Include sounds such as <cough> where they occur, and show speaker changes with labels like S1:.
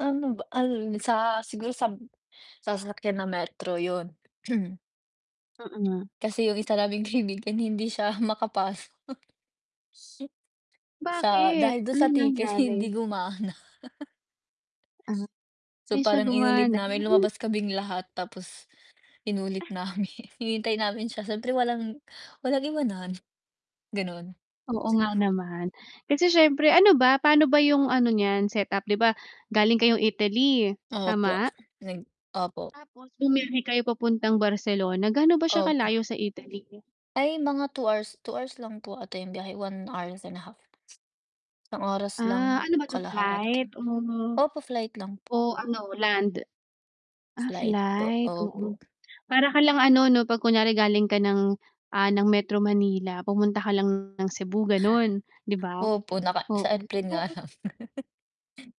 S1: Ano ba ano dun sa siguro sab sasakyan ng metro, 'yun. <clears throat>
S2: Mm.
S1: Kasi yung isa naming kaibigan hindi siya makapasok. <chuckles> Sip sa
S2: Bakit?
S1: dahil dun
S2: Anong
S1: sa ticket
S2: nangyari?
S1: hindi gumana. <chuckles> So
S2: hindi siya
S1: parang inulit
S2: gumana
S1: namin
S2: <unintelligible>
S1: lumabas kaming lahat, tapos inulit
S2: Ah
S1: namin <chuckles> hinihintay namin siya syempre walang walang iwanan gano'n.
S2: Oo nga naman, kasi siyempre ano ba, paano ba yung ano niyan set up, 'di ba, galing kayong Italy,
S1: Opo,
S2: tama?
S1: nag opo.
S2: Tapos bumiyahe kayo papuntang Barcelona, gaano ba siya
S1: Opo.
S2: kalayo sa Italy?
S1: Ay mga 2 hours 2 hours lang po ata 'yung biyahe 1 hour and a half. Oras
S2: Ah
S1: lang
S2: ano ba 'to
S1: kalahati,
S2: flight? oh,
S1: opo flight lang po.
S2: oh ano, land? Ah,
S1: Flight po,
S2: flight, oo.
S1: opo.
S2: <clicks tongue> Para ka lang ano 'no, 'pag kunyare galing ka ng, ah, ng Metro Manila, pumunta ka lang ng Cebu gano'n, 'di
S1: <chuckles>
S2: ba?
S1: Opo, naka
S2: Oo,
S1: sa airplane nga
S2: pero
S1: lang. <chuckles>